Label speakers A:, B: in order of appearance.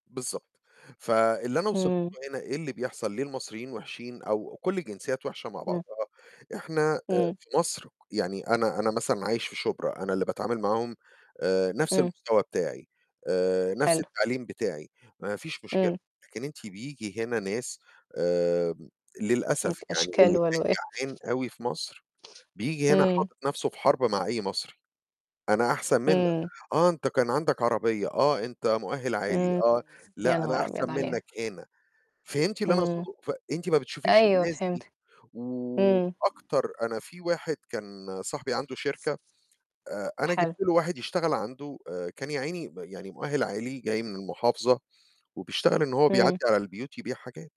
A: بالضبط، فاللي أنا وصلت
B: إمم.
A: له هنا إيه اللي بيحصل، ليه المصريين وِحشين أو كلّ الجنسيّات وِحشة مع
B: إمم.
A: بعضها، إحنا آآ
B: إمم.
A: في مصر ك يعني أنا أنا مثلًا عايش في شُبرا، أنا اللي باتعامل معاهم آآ نَفْس
B: إمم.
A: المستوى بتاعي، آآ نَفْس
B: حلو.
A: التعليم بتاعي، ما فيش مشكلة،
B: إمم.
A: لكن أنتِ بييجي هنا ناس آمم، للأسف
B: هناك
A: يعني اللي
B: أشكال
A: كان
B: وألوان.
A: جعان أوي في مصر، بييجي هنا
B: إمم.
A: حاطط نَفْسه في حَرب مع أي مصري، أنا أحسن منّك،
B: إمم.
A: آه، أنت كان عندك عربية، آه، أنت مؤهل عالي
B: إمم،
A: آه،
B: يا
A: لأ، أنا
B: نهار
A: أحسن
B: أبيض عليها!
A: منّك هنا، فهمتي اللي أنا
B: إمم.
A: أقصده؟ فأنتِ ما بتشوفيش
B: أيوه
A: الناس دي،
B: فهمتك. إمم.
A: وأكتر أنا في واحد كان صاحبي عنده شركة آآ أنا جبت
B: حلو.
A: له واحد يشتغل عنده آآ كان يعيني م يعني مؤهل عالي جاي من المحافظة وبيشتغل إن هو بيعدّي
B: إمم.
A: على البيوت يبيع حاجات.